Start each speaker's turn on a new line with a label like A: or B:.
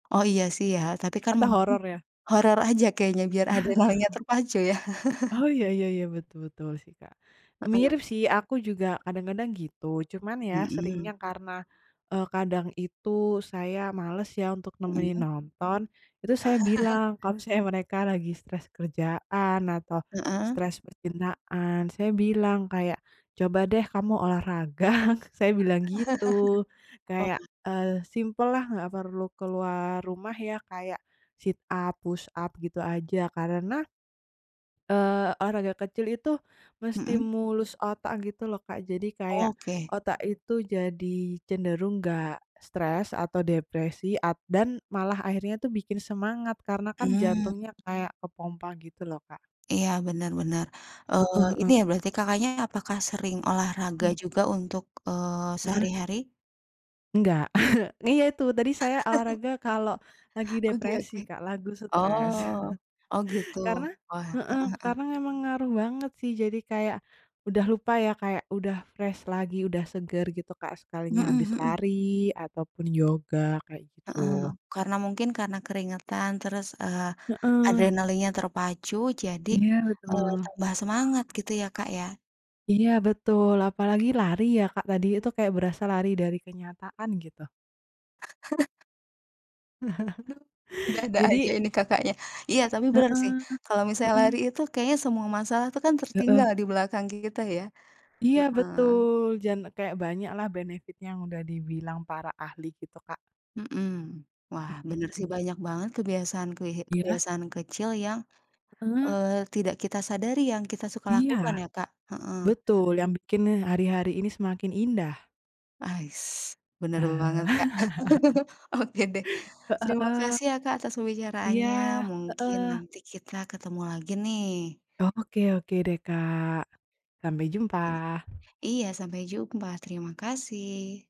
A: Oh, iya sih ya. Tapi kan
B: Atau
A: mungkin,
B: horor ya?
A: horor aja kayaknya biar adrenalinnya terpacu ya.
B: Oh, iya iya iya, betul betul sih, Kak.
A: Heeh.
B: Mirip sih. Aku juga kadang-kadang gitu. Cuman ya
A: Mhm.
B: seringnya karena, eee, kadang itu saya males ya untuk nemenin
A: Mhm.
B: nonton. Itu saya bilang kalau misalnya mereka lagi stres kerjaan atau
A: Heeh.
B: stres percintaan, saya bilang kayak, “Coba deh kamu olahraga.” Saya bilang gitu. Kayak,
A: Oh.
B: eee, simpellah, nggak perlu keluar rumah ya, kayak sit up, push up gitu aja. Karena, eee, olahraga kecil itu
A: Mhm.
B: menstimulus otak gitu loh, Kak. Jadi kayak
A: Oke.
B: otak itu jadi cenderung nggak stres atau depresi, a dan malah akhirnya tuh bikin semangat karena
A: Mmm.
B: jantungnya kayak kepompa gitu loh, Kak.
A: Iya, benar benar. Eee,
B: Heeh
A: Ini
B: heeh.
A: ya berarti Kakaknya apakah sering olahraga
B: Hmm.
A: juga untuk, eee,
B: Heeh.
A: sehari-hari?
B: Enggak. Iya itu tadi saya olahraga kalau lagi
A: Oke
B: depresi,
A: oke.
B: Kak, lagu stres.
A: Oh, oh gitu.
B: Karena
A: Wah, heeh
B: heeh,
A: heeh.
B: karena memang ngaruh banget sih jadi kayak udah lupa ya kayak udah fresh lagi udah segar gitu, Kak,
A: Mhm
B: sekalinya habis
A: mhm.
B: lari ataupun yoga, kayak
A: Heeh.
B: gitu.
A: Karena mungkin karena keringetan terus, eee,
B: Heeh.
A: adrenalinnya terpacu jadi,
B: Iya,
A: eee,
B: betul.
A: tambah semangat gitu ya, Kak, ya?
B: Iya, betul. Apalagi lari ya, Kak, tadi itu kayak berasa lari dari kenyataan gitu.
A: Aduh, ada-ada aja
B: Jadi
A: ini Kakaknya. Iya tapi benar sih
B: Heeh,
A: kalau misalnya
B: mhm.
A: lari itu kayaknya semua masalah tuh kan tertinggal
B: Heeh.
A: di belakang kita ya.
B: Iya
A: Heeh.
B: betul, jan kayak banyaklah benefit yang udah dibilang para ahli gitu, Kak.
A: Mhm. Wah
B: Mhm
A: bener sih
B: mhm.
A: banyak banget kebiasaan-kebi
B: Iya.
A: kebiasaan kecil yang,
B: Heeh.
A: eee, tidak kita sadari yang kita suka lakukan
B: Iya.
A: ya, Kak. Heeh.
B: Betul. Yang bikin hari-hari ini semakin indah.
A: Ais. Benar banget,
B: Eh.
A: Kak. Oke deh.
B: Heeh
A: Terima
B: heeh.
A: kasih ya, Kak, atas
B: Iya.
A: pembicaraannya mungkin
B: Heeh.
A: nanti kita ketemu lagi nih.
B: Oke oke deh Kak. Sampai jumpa.
A: Oke. Iya, sampai jumpa. Terima kasih.